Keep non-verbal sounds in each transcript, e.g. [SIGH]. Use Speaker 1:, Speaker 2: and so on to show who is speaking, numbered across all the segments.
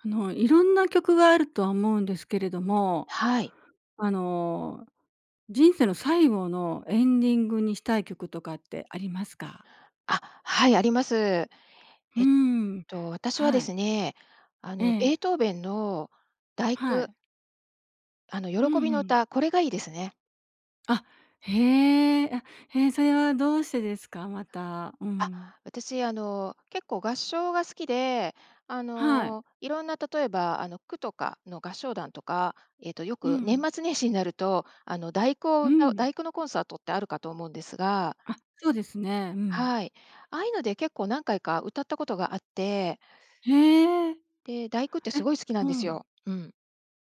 Speaker 1: あの、色んな曲があるとは思うんですけれども。
Speaker 2: はい。
Speaker 1: あの、人生の最後のエンディングにしたい曲とかってありますか？
Speaker 2: あ、はい、あります。
Speaker 1: うー
Speaker 2: えっ
Speaker 1: ん、
Speaker 2: と、私はで
Speaker 1: はい。
Speaker 2: すね、あ
Speaker 1: え
Speaker 2: の、ベー
Speaker 1: え。
Speaker 2: トーベンの第
Speaker 1: は
Speaker 2: 九
Speaker 1: い。
Speaker 2: あの、
Speaker 1: う
Speaker 2: 喜び
Speaker 1: んう
Speaker 2: の
Speaker 1: ん。
Speaker 2: 歌、これがいいですね。
Speaker 1: あ、へえ、あ、へえ、それはどうしてですか？また、う
Speaker 2: あ、
Speaker 1: ん。
Speaker 2: 私、あの、結構合唱が好きで、あ
Speaker 1: はい。
Speaker 2: の、色んな例えば、あの、区とかの合唱団とか、えっと、よ
Speaker 1: う
Speaker 2: く年
Speaker 1: ん。
Speaker 2: 末年始になると、あの、第九を
Speaker 1: う
Speaker 2: 歌う
Speaker 1: ん。
Speaker 2: 第九のコンサートってあるかと思うんですが
Speaker 1: あ、そうですね。うん。
Speaker 2: はい。ああゆうので、結構何回か歌ったことがあって
Speaker 1: へえ。
Speaker 2: で、第九ってす
Speaker 1: え、
Speaker 2: ごい好きなん
Speaker 1: う
Speaker 2: です
Speaker 1: ん。
Speaker 2: よ。うん。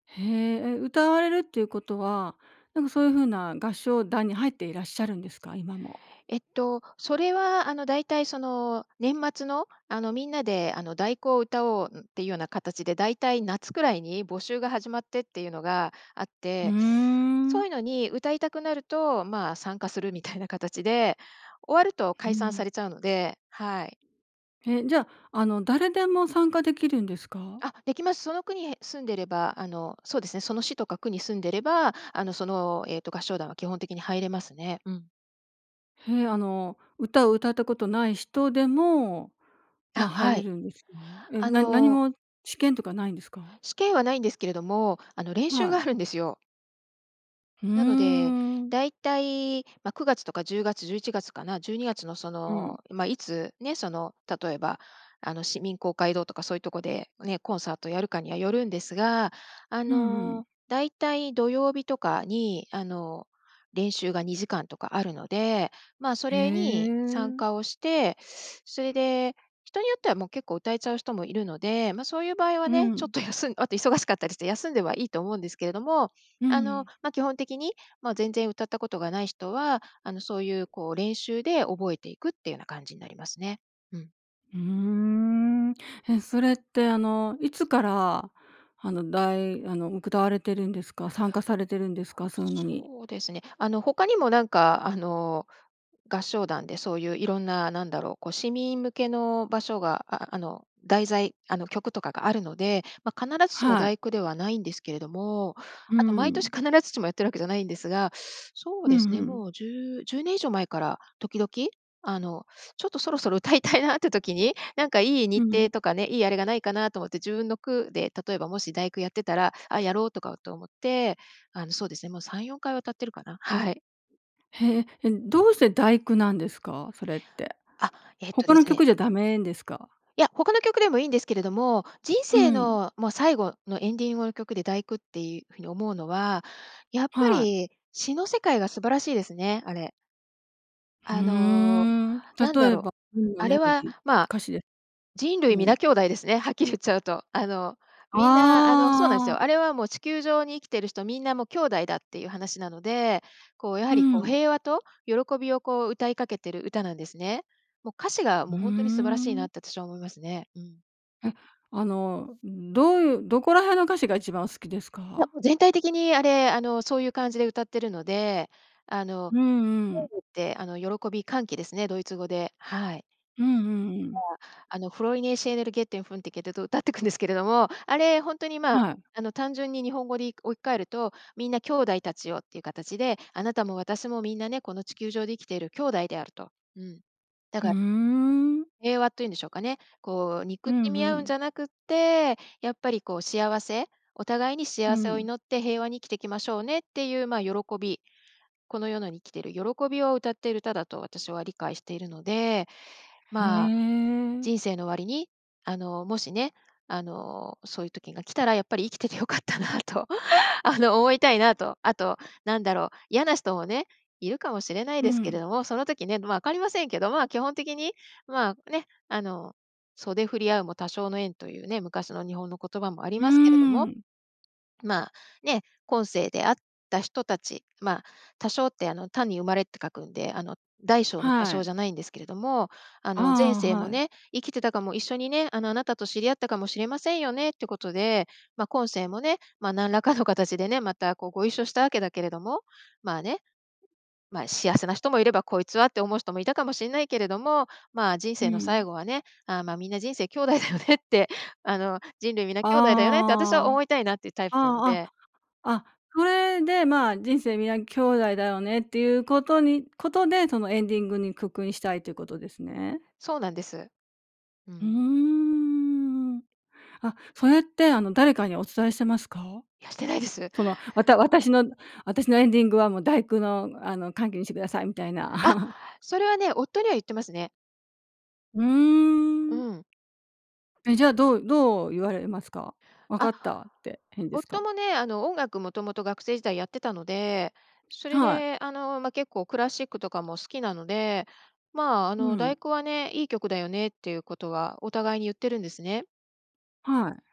Speaker 1: へえ、え、歌われるっていうことは、なんか、そういう風な合唱団に入っていらっしゃるんですか？今も。
Speaker 2: えっと、それは、あの、大体、その、年末の、あの、みんなで、あの、第九を歌おうんっていうような形で、大体夏くらいに募集が始まってっていうのがあっ
Speaker 1: ふー
Speaker 2: て、そ
Speaker 1: ん。
Speaker 2: ういうのに歌いたくなると、まあ、参加するみたいな形で終わると
Speaker 1: う
Speaker 2: 解散さ
Speaker 1: ん。
Speaker 2: れちゃうので、はい。
Speaker 1: え、じゃ、あの、誰でも参加できるんですか？
Speaker 2: あ、できます。その区にへ住んでれば、あの、そうですね、その市とか区に住んでれば、あの、その、えっと、合唱団は基本的に入れますね。うん。
Speaker 1: へえ、あの、歌を歌ったことない人でも、ま、
Speaker 2: あ、
Speaker 1: 入
Speaker 2: は
Speaker 1: れ
Speaker 2: い、
Speaker 1: るんですか？え、
Speaker 2: あ
Speaker 1: な何
Speaker 2: の
Speaker 1: も試験とかないんですか？
Speaker 2: 試験はないんですけれども、あの、練習
Speaker 1: は
Speaker 2: があ
Speaker 1: い。
Speaker 2: るんですよ。
Speaker 1: ふー
Speaker 2: なので、
Speaker 1: ん。
Speaker 2: 大体、ま、9月とか10月、11月かな？12月のそ
Speaker 1: うん。
Speaker 2: の、ま、いつね、その、例えば、あの、市民公会堂とかそういうとこでね、コンサートやるかにはよるんですが、あ
Speaker 1: うんうん。
Speaker 2: の、大体土曜日とかに、あの、練習が2時間とかあるので、まあ、そ
Speaker 1: へ
Speaker 2: れに参
Speaker 1: え。
Speaker 2: 加をして、[SUCKS TEETH] それで人によってはもう結構歌えちゃう人もいるので、ま、そういう場合は
Speaker 1: う
Speaker 2: ね、ちょっ
Speaker 1: ん。
Speaker 2: と休んあと忙しかったりして休んではいいと思うんですけれども、
Speaker 1: う
Speaker 2: あの、
Speaker 1: ん。
Speaker 2: ま、基本的に、まあ、全然歌ったことがない人は、あの、そういうこう練習で覚えていくっていうような感じになりますね。うん。
Speaker 1: うーん、え、それって、あの、いつから、あの、だいあの、歌われてるんですか、参加されてるんですか、そううのに？
Speaker 2: そうですね。あの、他にもなんか、あの、合唱団でそういういろんな、なんだろう、こう市民向けの場所がああの、題材、あの、曲とかがあるので、ま、必ずしも
Speaker 1: は
Speaker 2: だ
Speaker 1: い。
Speaker 2: いくではないんですけれども、
Speaker 1: う
Speaker 2: あと毎年
Speaker 1: ん。
Speaker 2: 必ずしもやってるわけじゃないんですが。[SUCKS TEETH] そう
Speaker 1: うん
Speaker 2: で
Speaker 1: う
Speaker 2: すね、
Speaker 1: ん。
Speaker 2: もう10、10年以上前から時々、あの、ちょっとそろそろ歌いたいなって時に、なんかいい日
Speaker 1: うん。
Speaker 2: 程とかね、いいあれがないかなと思って自分の区で、例えばもし第9やってたら、あ、やろうとかって思って、あのそうですね、もう3、4回は歌ってるかな？はい。
Speaker 1: へえ、え、どうして第九なんですか、それって。
Speaker 2: あ、えっと
Speaker 1: 他
Speaker 2: で
Speaker 1: の
Speaker 2: すね
Speaker 1: 曲じゃダメんですか？
Speaker 2: いや、他の曲でもいんですけれども、人
Speaker 1: う
Speaker 2: 生
Speaker 1: ん。
Speaker 2: の、ま、最後のエンディングの曲で第九っていうふうに思うのは、やっぱ
Speaker 1: はい。
Speaker 2: り詩の世界が素晴らしいですね、あれ。
Speaker 1: ふー
Speaker 2: あの、
Speaker 1: ん。
Speaker 2: なんだ
Speaker 1: 例え
Speaker 2: ろう、
Speaker 1: ば [UNINTELLIGIBLE] が
Speaker 2: あ
Speaker 1: メ
Speaker 2: れ
Speaker 1: ロ
Speaker 2: は、
Speaker 1: ディー、
Speaker 2: ま、
Speaker 1: 歌詞で
Speaker 2: 人類
Speaker 1: う
Speaker 2: 皆
Speaker 1: ん。
Speaker 2: 兄弟ですね、はっきり言っちゃうと。あの、みんな、あの、そうなんです
Speaker 1: あ
Speaker 2: よ。
Speaker 1: あ。
Speaker 2: あれはもう地球上に生きてる人みんなもう兄弟だっていう話なので、こうやは
Speaker 1: う
Speaker 2: りこう
Speaker 1: ん。
Speaker 2: 平和と喜びをこう歌いかけてる歌なんですね。もう歌詞が
Speaker 1: う
Speaker 2: もうほんとに素晴らしい
Speaker 1: ー
Speaker 2: な
Speaker 1: ん。
Speaker 2: って私は思いますね。うん。
Speaker 1: え、あの、ん、どういうどこら辺の歌詞が1番好きです
Speaker 2: いや、
Speaker 1: か？
Speaker 2: 全体的に、あれ、あの、そういう感じで歌ってるので、あの、
Speaker 1: うんうん。
Speaker 2: [UNINTELLIGIBLE] ってあの喜び、歓喜ですね、ドイツ語で、はい。
Speaker 1: うんうんう
Speaker 2: ま、
Speaker 1: ん。
Speaker 2: あの、フロイネーシェーネルゲッテンフンテケテと歌ってくんですけれども、あれ、ほんとに、ま、
Speaker 1: はい。
Speaker 2: あの単純に日本語に置き換えると、みんな兄弟たちよっていう形で、あなたも私もみんなね、この地球上で生きている兄弟であると。うん。だ
Speaker 1: ふー
Speaker 2: か
Speaker 1: ん。
Speaker 2: 平和というんでしょうかね。こう
Speaker 1: う
Speaker 2: 憎
Speaker 1: ん
Speaker 2: し
Speaker 1: う
Speaker 2: み合うん
Speaker 1: ん。
Speaker 2: じゃなくって、やっぱりこう幸せ、お互いに
Speaker 1: ふ、う
Speaker 2: 幸せを
Speaker 1: ん。
Speaker 2: 祈って平和に生きていきましょうねっていう、ま、喜び、この世のに生きてる喜びを歌っている歌だと私は理解しているので、
Speaker 1: へ
Speaker 2: ま、
Speaker 1: え。
Speaker 2: 人生の終わりに、あの、もしね、あの、そういう時が来たらやっぱり生きててよかったなと、[INHALES] あの、思いたいなと。あと、なんだろう、嫌な人もね、いるかもしれない
Speaker 1: う
Speaker 2: ですけ
Speaker 1: ん。
Speaker 2: れども、その時ね、ま、分かりませんけど、ま、基本的に、ま、ね、あの、袖で振り合うも他生の縁というね、昔の日本の言葉もあり
Speaker 1: うー
Speaker 2: ますけれども、
Speaker 1: ん。
Speaker 2: ま、ね、今世であった人たち、ま、他生ってあの、他に生まれって書くんで、あの、大小の多
Speaker 1: は
Speaker 2: 少
Speaker 1: い。
Speaker 2: じゃないんですけれども、あの、前
Speaker 1: ああ、
Speaker 2: 世
Speaker 1: は
Speaker 2: も
Speaker 1: い。
Speaker 2: ね、生きてたかも一緒にね、あの、あなたと知り合ったかもしれませんよねってことで、ま、今世もね、ま、何らかの形でね、またこうご一緒したわけだけれども、ま、ね、ま、幸せな人もいれば、こいつはって思う人もいたかもしんないけれども、ま、人
Speaker 1: う
Speaker 2: 生の最
Speaker 1: ん。
Speaker 2: 後はね、あ、ま、みんな人生兄弟だよねって、あの、人類皆
Speaker 1: あ
Speaker 2: 兄弟だよねって私は思
Speaker 1: あ。
Speaker 2: いたいなっていうタイプなの
Speaker 1: ああ
Speaker 2: で。
Speaker 1: あ、あ、それで、ま、人生皆兄弟だよねっていうことにことで、そのエンディングにくくいしたいということですね。
Speaker 2: そうなんです。う
Speaker 1: うー
Speaker 2: ん。
Speaker 1: ん、あ、それって、あの誰かにお伝えしてますか？
Speaker 2: いや、してないです。
Speaker 1: その、わた私の私のエンディングはもう第九のあの歓喜にしてくださいみたい
Speaker 2: あ、
Speaker 1: な。[LAUGHS]
Speaker 2: それはね、夫には言ってますね。
Speaker 1: う
Speaker 2: う
Speaker 1: ーん。
Speaker 2: ん。
Speaker 1: え、じゃあ、どうどう言われますか？分か
Speaker 2: あ。
Speaker 1: ったってへんです
Speaker 2: 夫
Speaker 1: か？
Speaker 2: もね、あの、音楽もともと学生時代やってたので、それ
Speaker 1: はい。
Speaker 2: で、あの、ま、結構クラシックとかも好きなので、まあ、あ
Speaker 1: う
Speaker 2: の、第
Speaker 1: ん。
Speaker 2: 九はね、いい曲だよねっていうことはお互いに言ってるんですね。
Speaker 1: はい。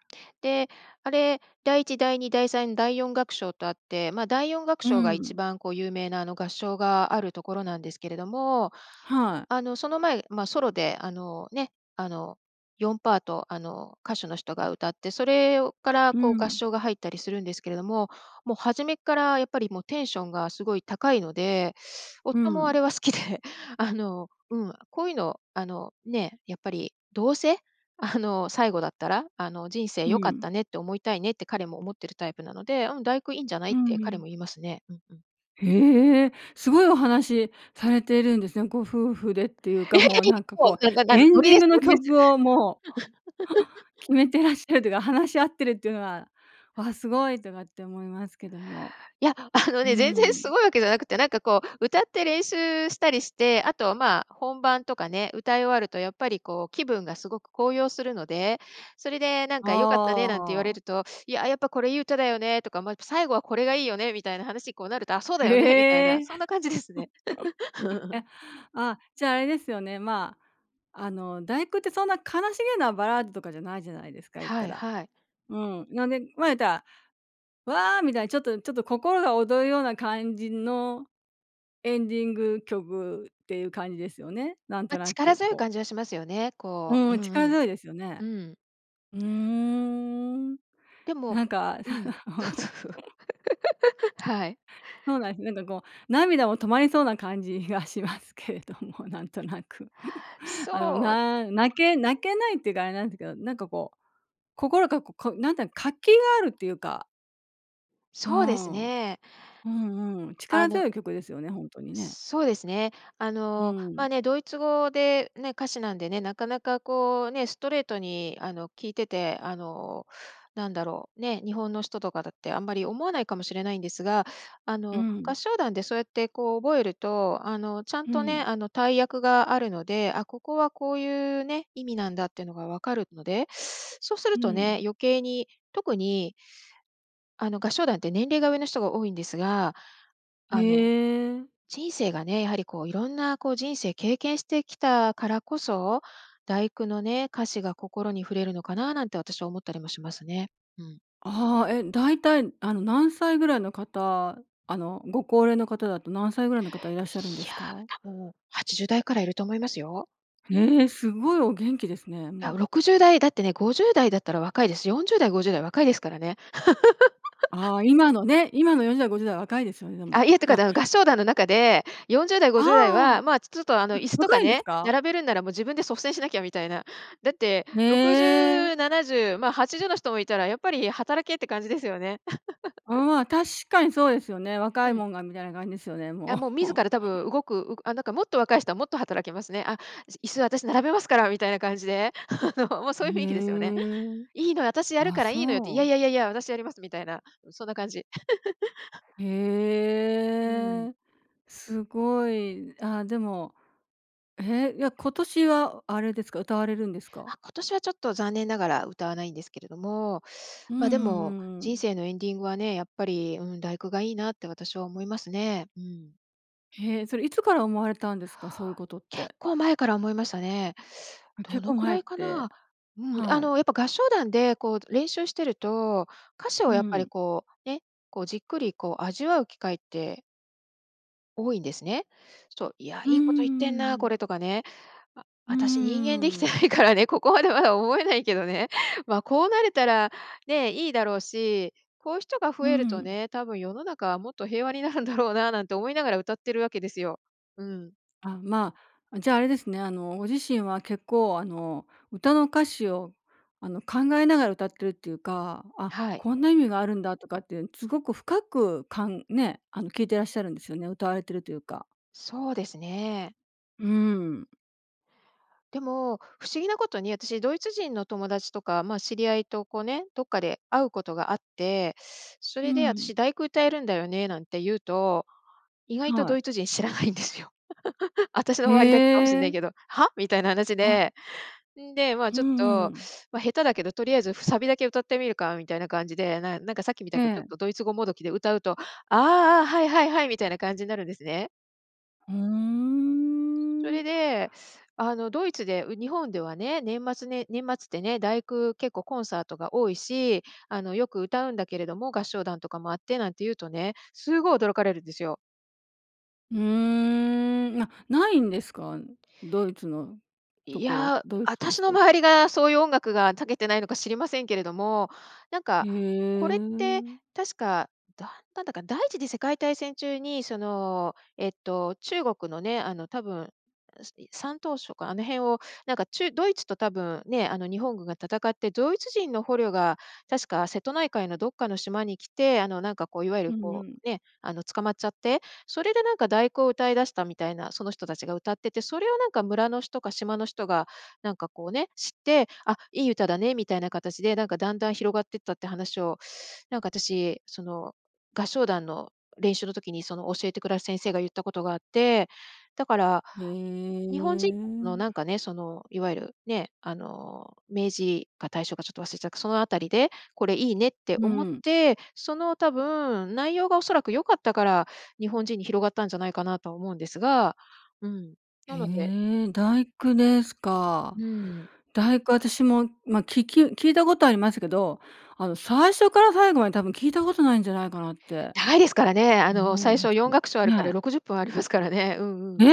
Speaker 2: で、あれ、第一第二第三第四楽章とあって、ま、第四楽
Speaker 1: う
Speaker 2: 章がいち
Speaker 1: ん。
Speaker 2: ばんこう、有名な、あの、合唱があるところなんですけれども。
Speaker 1: はい。
Speaker 2: あの、その前、ま、ソロで、あの、ね、あの、4パート、あの、歌手の人が歌って、それをから、
Speaker 1: う
Speaker 2: こう、合
Speaker 1: ん。
Speaker 2: 唱が入ったりするんですけれども、もう初めから、やっぱり、もうテンションがすごい高いので
Speaker 1: う
Speaker 2: 夫もあれ
Speaker 1: ん。
Speaker 2: は好きで、あの、うん、こういうの、あの、ね、やっぱり、どうせ、あの、最後だったら、あの、人生
Speaker 1: ふ
Speaker 2: 良かっ
Speaker 1: ん。
Speaker 2: たねって思いたいねって彼も思ってるタイプなので、うん、第九いんじゃない
Speaker 1: う
Speaker 2: って彼
Speaker 1: ん。
Speaker 2: も言いますね。うん、うん。
Speaker 1: へえ、すごいお話されてるんですね。ご夫婦でっていう
Speaker 2: い
Speaker 1: か、
Speaker 2: やいや
Speaker 1: もう、なんか、
Speaker 2: いもう
Speaker 1: こ
Speaker 2: なんなん
Speaker 1: う、
Speaker 2: なん
Speaker 1: エン
Speaker 2: ノリ
Speaker 1: ディン
Speaker 2: で
Speaker 1: グ
Speaker 2: す
Speaker 1: の
Speaker 2: ノリです。
Speaker 1: 曲をもう決
Speaker 2: [LAUGHS]
Speaker 1: めてらっしゃるというか、話し合ってるっていうのは、わ、すごいとかって思いますけども。
Speaker 2: いや、あの
Speaker 1: う
Speaker 2: ね、全然す
Speaker 1: ん。
Speaker 2: ごいわけじゃなくて、なんか、こう、歌って練習したりして、あと、ま、本番とかね、歌い終わると、やっぱり、こう、気分がすごく高揚するので、それで、なんか「良かったね」なんて言わ
Speaker 1: あ
Speaker 2: れ
Speaker 1: あ。
Speaker 2: ると、いや、やっぱ、これいい歌だよねとか、ま、最後はこれがいいよねみたいな話に、こう、なると、あ、そうだよねみたい
Speaker 1: へ
Speaker 2: な、
Speaker 1: え。
Speaker 2: そんな感じですね。
Speaker 1: [LAUGHS] え、
Speaker 2: [LAUGHS]
Speaker 1: あ、じゃあ、あれですよね。ま、あの、第九ってそんな悲しげなバラードとかじゃないじゃないですか、言った
Speaker 2: はい
Speaker 1: ら。
Speaker 2: はい。
Speaker 1: うん、なんで、ま、言ったら、わあ、みたいな、ちょっとちょっと、心が躍るような感じのエンディング曲っていう感じですよね。なんと
Speaker 2: ま、
Speaker 1: な
Speaker 2: 力
Speaker 1: く、
Speaker 2: 強い
Speaker 1: こう。
Speaker 2: 感じはしますよね。こ
Speaker 1: う
Speaker 2: う、う
Speaker 1: ん、力
Speaker 2: ん、うん、
Speaker 1: 強いですよね。
Speaker 2: うん。
Speaker 1: うーん。
Speaker 2: でも
Speaker 1: なんか。
Speaker 2: うん、そうそうそう。
Speaker 1: [LAUGHS]
Speaker 2: [LAUGHS] はい。
Speaker 1: そうなんです。なんか、こう、涙も止まりそうな感じがしますけれども、なんとなく。[LAUGHS] あの、
Speaker 2: そう。
Speaker 1: な泣け泣けないっていうかあれなんですけど、なんか、こう、心がこなんていうの活気があるっていうか。う
Speaker 2: そうです
Speaker 1: ん。う
Speaker 2: ね。
Speaker 1: んうん。
Speaker 2: あ
Speaker 1: 力
Speaker 2: の
Speaker 1: 強い曲ですよね、ほんとにね。
Speaker 2: そうですね。あ
Speaker 1: う
Speaker 2: の、ま
Speaker 1: ん。
Speaker 2: あ、ね、ドイツ語でね、歌詞なんでね、なかなかこうね、ストレートにあの、聞いてて、あの、何だろう、ねえ、日本の人とかだってあんまり思わないかもしれないんですが、あ
Speaker 1: う
Speaker 2: の、
Speaker 1: ん。
Speaker 2: 合唱団でそうやってこう覚えると、あの、ちゃん
Speaker 1: う
Speaker 2: と
Speaker 1: ん。
Speaker 2: ね、あの、対訳があるので、あ、ここはこういうね、意味なんだっていうのが分かるので、そうする
Speaker 1: う
Speaker 2: と
Speaker 1: ん。
Speaker 2: ね、余計に、特にあの合唱団って年齢が上の人が多いんですが、
Speaker 1: へ
Speaker 2: あの、
Speaker 1: え。
Speaker 2: 人生がね、やはり、こう色んなこう人生経験してきたからこそ、第九のね、歌詞が心に触れるのかな、なんて私は思ったりもしますね。うん。
Speaker 1: ああ、え、大体あの何歳ぐらいの方、あのご高齢の方だと何歳ぐらいの方いらっしゃるんで
Speaker 2: い
Speaker 1: す
Speaker 2: や、
Speaker 1: か？
Speaker 2: 多分80代からいると思いますよ。
Speaker 1: ええ！すごいお元気ですね、う
Speaker 2: らう、
Speaker 1: ん。
Speaker 2: 60代だってね、50代だったら若いです。40代、50代若いですからね。[LAUGHS]
Speaker 1: あ、今のね、今の40代、50代は若いですよね、でも。
Speaker 2: あ、いえ、って
Speaker 1: い
Speaker 2: か、
Speaker 1: や
Speaker 2: だう合唱
Speaker 1: い
Speaker 2: 団
Speaker 1: や
Speaker 2: の中でよんじゅうだい
Speaker 1: あ
Speaker 2: ご
Speaker 1: あ、
Speaker 2: じゅうだい
Speaker 1: あ、
Speaker 2: は、まあ、ちちょっとあの、椅子と
Speaker 1: 若
Speaker 2: か
Speaker 1: いんで
Speaker 2: ね、
Speaker 1: すか？
Speaker 2: 並べるんなら、もう自分で率先しなきゃみたいな。だって
Speaker 1: へ
Speaker 2: ろくじ
Speaker 1: え。
Speaker 2: ゅうななじゅう、まあ、80の人もいたら、やっぱり働けって感じですよね。
Speaker 1: う
Speaker 2: [LAUGHS]
Speaker 1: ん、まあ、確かにそうですよね。若
Speaker 2: う
Speaker 1: い
Speaker 2: ん。
Speaker 1: もんがみたいな感じですよね、
Speaker 2: あ、
Speaker 1: も
Speaker 2: もう自
Speaker 1: う。
Speaker 2: ら多分動く、うあ、なんかもっと若い人はもっと働きますね。あ、い椅子私並べますからみたいな感じで、[LAUGHS] あの、もうそ
Speaker 1: へ
Speaker 2: ういう雰囲気ですよね
Speaker 1: え、
Speaker 2: 「いいのよ、私やる
Speaker 1: あ、
Speaker 2: からいいのよって、い
Speaker 1: そ
Speaker 2: やい
Speaker 1: う。
Speaker 2: やいやいや、私やります」みたいなそんな感じ。[LAUGHS] う
Speaker 1: へ
Speaker 2: ん。
Speaker 1: え、すごい。あ、でも。え、いや、今年はあれですか？歌われるんですか？
Speaker 2: あ、今年はちょっと残念ながら、歌わないんですけれども、
Speaker 1: うん
Speaker 2: まあ、で
Speaker 1: うんう
Speaker 2: も
Speaker 1: んう
Speaker 2: 人
Speaker 1: ん。
Speaker 2: 生のエンディングはね、やっぱり、うん、第九がいいなって私は思いますね、うん。
Speaker 1: へえ、それいつから思われたんですか、そういうことっ
Speaker 2: 結
Speaker 1: て？
Speaker 2: 構前から思いましたね。ど
Speaker 1: 結構
Speaker 2: のく
Speaker 1: 前
Speaker 2: ら
Speaker 1: っ
Speaker 2: いか
Speaker 1: て
Speaker 2: な。うん、あ
Speaker 1: はい。
Speaker 2: の、やっぱ合唱団で、こう、練習してると、歌詞
Speaker 1: う
Speaker 2: をやっぱり
Speaker 1: ん。
Speaker 2: こうね、こう、じっくり、こう、味わう機会って多いんですね。そう、いや、
Speaker 1: うーん、
Speaker 2: い
Speaker 1: う
Speaker 2: いこと言っ
Speaker 1: ん
Speaker 2: てん
Speaker 1: うんう
Speaker 2: な、こ
Speaker 1: ん。
Speaker 2: れとかね。あ
Speaker 1: うー
Speaker 2: あたし人間できてな
Speaker 1: ん。
Speaker 2: いからね、ここまでまだ思えないけどね。まあ、こうなれたらね、いいだろうし、こういう人が増
Speaker 1: う
Speaker 2: えると
Speaker 1: ん。
Speaker 2: ね、多分世の中はもっと平和になるんだろうな、なんて思いながら歌ってるわけですよ。うん。
Speaker 1: あ、まあ、じゃあ、あれですね、あの、ご自身は結構、あの、歌の歌詞を、あの、考えながら歌っているっていうか、あ、
Speaker 2: はい。
Speaker 1: こんな意味があるんだとかっていうすごく深く、かんね、あの聞いてらっしゃるんですよね、歌われているというか。
Speaker 2: そうですね。
Speaker 1: うん。
Speaker 2: でも、不思議なことにあたしドイツ人の友達とか、まあ、知り合いとこうね、どっかで会うことがあって、そ
Speaker 1: う
Speaker 2: れで
Speaker 1: ん。
Speaker 2: 私第九歌えるんだよね、なんて言うと、意外と
Speaker 1: は
Speaker 2: ド
Speaker 1: い。
Speaker 2: イツ人知らないんですよ。[LAUGHS] 私の
Speaker 1: へ
Speaker 2: 周りだけかもしんない
Speaker 1: え。
Speaker 2: けど、は、みたいな話
Speaker 1: あ。
Speaker 2: で、んで、まあ、
Speaker 1: ふん、
Speaker 2: ちょっ
Speaker 1: う
Speaker 2: と、
Speaker 1: ん。
Speaker 2: まあ、下手だけど、とりあえずサビだけ歌ってみるか、みたいな感じで、なんなんかさっきみた
Speaker 1: え
Speaker 2: くちょっ
Speaker 1: え。
Speaker 2: とドイツ語もどきで歌うと、ああ、はい、はい、はい、みたいな感じになるんですね。
Speaker 1: ふ
Speaker 2: そ
Speaker 1: ん。
Speaker 2: れで、あの、ドイツでう「日本ではね、年末ね年末ってね、第九、結構コンサートが多いし、あの、よく歌うんだけれども合唱団とかもあって」なんて言うとねすごい驚かれるんですよ。
Speaker 1: うーん、あ、ないんですか？ドイツのと
Speaker 2: い
Speaker 1: ころ
Speaker 2: や、
Speaker 1: ドイ
Speaker 2: あ
Speaker 1: ツ
Speaker 2: た
Speaker 1: の
Speaker 2: しの
Speaker 1: 人。
Speaker 2: 周りがそういう音楽が長けてないのか知りませんけれども、なん
Speaker 1: い
Speaker 2: か
Speaker 1: え
Speaker 2: これって
Speaker 1: ん。
Speaker 2: 確かだんだんだか、第一次世界大戦中にその、えっと、中国のね、あの、多分うすい山東省かあの辺をなんか、ちゅドイツと多分ね、あの、日本軍が戦ってドイツ人の捕虜が確か瀬戸内海のどっかの島に来て、あの、なんか、こう、いわゆる、
Speaker 1: うんう
Speaker 2: こ
Speaker 1: ん。
Speaker 2: う、ね、あの、捕まっちゃってそれでなんか第九を歌い出したみたいな、その人たちが歌ってて、それをなんか村の人か島の人がなんか、こう、ね、知って、「あ、いい歌だね」みたいな形でなんかだんだん広がってったって話をなんかあたしその合唱団の練習の時にその教えてくだす先生が言ったことがあって、だから、
Speaker 1: え
Speaker 2: 日本人の
Speaker 1: ん。
Speaker 2: なんかね、その、いわゆるね、あの、明治か大正かちょっと忘れちゃっそのあたりでこれいいねって
Speaker 1: う
Speaker 2: 思っ
Speaker 1: ん。
Speaker 2: てその多分内容がおそらく良かったから、日本人に広がったんじゃないかなと思うんですが、うん。
Speaker 1: へ
Speaker 2: なので
Speaker 1: え、第九ですか。
Speaker 2: うん。
Speaker 1: 第九あたしも、ま、きき聞いたことありますけど、あの、最初から最後まで多分聞いたことないんじゃないかなって
Speaker 2: 長いですからね、あの、
Speaker 1: 思い
Speaker 2: 最
Speaker 1: ま
Speaker 2: 初
Speaker 1: す
Speaker 2: 四楽章あるから
Speaker 1: ね。
Speaker 2: 60分ありますからね。うんうん。
Speaker 1: え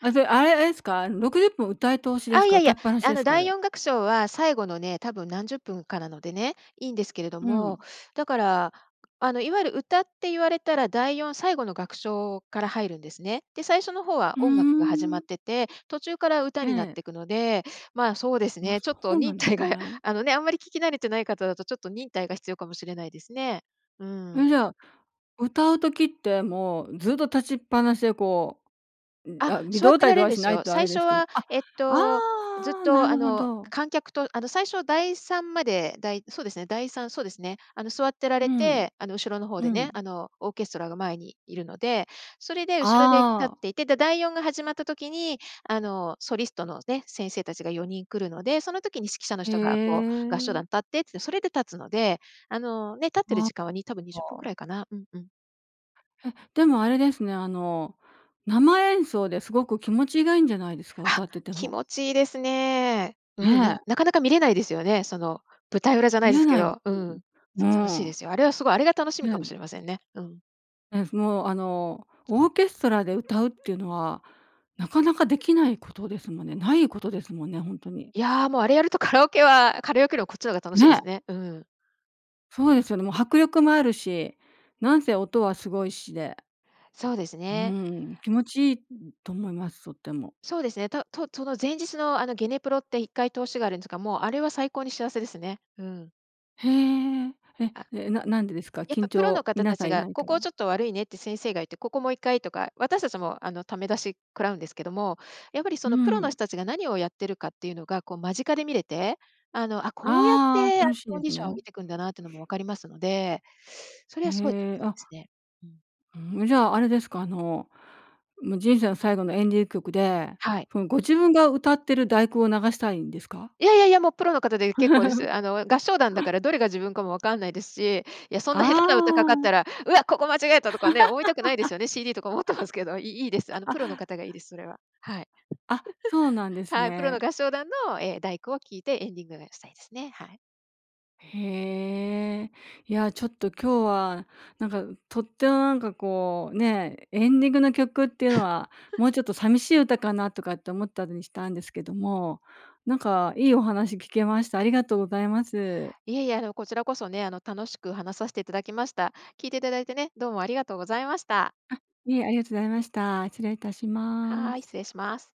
Speaker 1: あで、あれあれですか？60分歌い通しで
Speaker 2: あ、
Speaker 1: す
Speaker 2: い
Speaker 1: か？
Speaker 2: やい
Speaker 1: 歌い
Speaker 2: や、
Speaker 1: っぱなし
Speaker 2: あ
Speaker 1: で
Speaker 2: の、
Speaker 1: すか？あ
Speaker 2: 第
Speaker 1: れ。
Speaker 2: 四楽章は最後のね多分何十分かなのでね、いんですけれど
Speaker 1: う
Speaker 2: も、
Speaker 1: ん。
Speaker 2: だから、あの、いわゆる歌って言われたら第四、最後の楽章から入るんですね、で最初の方は
Speaker 1: うー
Speaker 2: 音楽が始まっ
Speaker 1: ん。
Speaker 2: てて途中から歌
Speaker 1: え
Speaker 2: になっ
Speaker 1: え。
Speaker 2: てくので、ま、そうです
Speaker 1: あ、
Speaker 2: ねちょ
Speaker 1: そ
Speaker 2: っと
Speaker 1: うな
Speaker 2: 忍
Speaker 1: んです
Speaker 2: 耐が
Speaker 1: ね。
Speaker 2: あの、ねあんまり聞き慣れてない方だとちょっと忍耐が必要かもしれないですね、うん。
Speaker 1: え、じゃあ、歌う時ってもうずっと立ちっぱなしで、こう、うん、
Speaker 2: あ、
Speaker 1: あ、微
Speaker 2: 座っ
Speaker 1: 動
Speaker 2: て
Speaker 1: たい
Speaker 2: ら
Speaker 1: ど
Speaker 2: れん
Speaker 1: は
Speaker 2: で
Speaker 1: し
Speaker 2: す
Speaker 1: ない
Speaker 2: よ。
Speaker 1: とあ
Speaker 2: 最
Speaker 1: れで
Speaker 2: 初
Speaker 1: すけど、
Speaker 2: は、
Speaker 1: あ、
Speaker 2: えっと、ずっ
Speaker 1: あ、な
Speaker 2: と、あ
Speaker 1: るほ
Speaker 2: の、
Speaker 1: ど。
Speaker 2: 観客と、あの、最初第三までだいそうですね第三そうですね、あの、座ってら
Speaker 1: う
Speaker 2: れ
Speaker 1: ん、
Speaker 2: て、あの、後ろの方
Speaker 1: う
Speaker 2: でね、
Speaker 1: ん。
Speaker 2: あの、オーケストラが前にいるのでそれで後ろで立
Speaker 1: あ
Speaker 2: っ
Speaker 1: あ。
Speaker 2: ていて、だ第四が始まった時に、あの、ソリストのね先生たちが4人来るのでその時に指揮者の
Speaker 1: へ
Speaker 2: 人が、こう、合唱団
Speaker 1: え。
Speaker 2: 立ってってそれで立つので、あの、ね、立ってる
Speaker 1: あ、
Speaker 2: 時間はに多分20分く
Speaker 1: は。
Speaker 2: らいかな、うんうん。
Speaker 1: え、でもあれですね、あの生演奏ですごく気持ちがいいんじゃないですか、
Speaker 2: あ、
Speaker 1: 歌ってて
Speaker 2: 気
Speaker 1: も。
Speaker 2: 持ちいいですね。うん、
Speaker 1: ね
Speaker 2: な
Speaker 1: え。
Speaker 2: なかなか見れないですよね。その舞台裏じゃない
Speaker 1: 見
Speaker 2: で
Speaker 1: れ
Speaker 2: すけ
Speaker 1: ない
Speaker 2: ど、うん、
Speaker 1: [UNINTELLIGIBLE]
Speaker 2: そう楽しい
Speaker 1: も
Speaker 2: で
Speaker 1: う。
Speaker 2: すよ。あれは、すごいあれが楽しみ
Speaker 1: は
Speaker 2: かもし
Speaker 1: い。
Speaker 2: れませんね。うん。
Speaker 1: えふもう、あのオーケストラで歌うっていうのはなかなかできないことですもんね。ないことですもんね、ほんとに。
Speaker 2: いや、もうあれやるとカラオケはカラオケよりこっちの方が楽しいで
Speaker 1: ね。
Speaker 2: すね。うん。
Speaker 1: そうですよね。もう迫力もあるし、なんせ音はすごいしで。
Speaker 2: そうです
Speaker 1: う
Speaker 2: ね。
Speaker 1: ーん、気持ちいいと思います。とっても。
Speaker 2: そうですね。ととその前日のあのゲネプロって1回通しがあるんですが、もうあれは最高に幸せですね。うん。
Speaker 1: へえ、え、
Speaker 2: あ、
Speaker 1: え、ななんでですか？
Speaker 2: やっぱ
Speaker 1: 緊
Speaker 2: プロの
Speaker 1: 張、
Speaker 2: 方
Speaker 1: 皆
Speaker 2: た
Speaker 1: さ
Speaker 2: ち
Speaker 1: んい
Speaker 2: が、
Speaker 1: ない
Speaker 2: こ
Speaker 1: から？
Speaker 2: こちょっと悪いねって先生が言って、ここもう1回とか、私たちもあの、ためだし食らうんですけども、やっぱりそ
Speaker 1: う
Speaker 2: のプロの人
Speaker 1: ん。
Speaker 2: たちが何をやってるかっていうのが、こう間近で見れて、あの、あ、こうやっ
Speaker 1: ああ、
Speaker 2: てあの、
Speaker 1: 楽しいん
Speaker 2: コ
Speaker 1: で
Speaker 2: ンデ
Speaker 1: す
Speaker 2: ィションを上
Speaker 1: ね。
Speaker 2: げていくんだなっていうのも分かりますので、それはすごいで
Speaker 1: へえ、
Speaker 2: す
Speaker 1: あ。
Speaker 2: ね。うん。
Speaker 1: うーん、じゃあ、あれですか、あの、人生の最後のエンディング曲で、
Speaker 2: はい。
Speaker 1: そのご自分が歌っている第九を流したいんですか？
Speaker 2: いやいやいや、もうプロの方で結構です。
Speaker 1: [LAUGHS]
Speaker 2: あの、合唱団だからどれが自分かも分かんないですし、いやそんな下手な歌かかっ
Speaker 1: あ
Speaker 2: た
Speaker 1: あ。
Speaker 2: ら、うわ、ここ間違えた
Speaker 1: [LAUGHS]
Speaker 2: とかね、思いたくないですよね。CD とか持ってますけど、いいいです。あのプロの
Speaker 1: あ。
Speaker 2: 方がいいです、それは。はい。[LAUGHS]
Speaker 1: あ、そうなんで
Speaker 2: [LAUGHS]
Speaker 1: す
Speaker 2: はい、プロの
Speaker 1: ね。
Speaker 2: 合唱団の、え、第九を聴いてエンディングがしたいですね。はい。
Speaker 1: へえ、いやちょっと今日はなんかとってもなんかこうね、エンディングの曲っていうのは、もう
Speaker 2: [LAUGHS]
Speaker 1: ちょっと寂しい歌かなとかって思ったりしたんですけども、なんかいいお話聞けました。ありがとうございます。
Speaker 2: いえいえ、あのこちらこそね、あの楽しく話させていただきました。聞いていただいてね、どうもありがとうございました。
Speaker 1: あ、いえ、ありがとございました。失礼いたしま
Speaker 2: はい、
Speaker 1: す。
Speaker 2: 失礼します。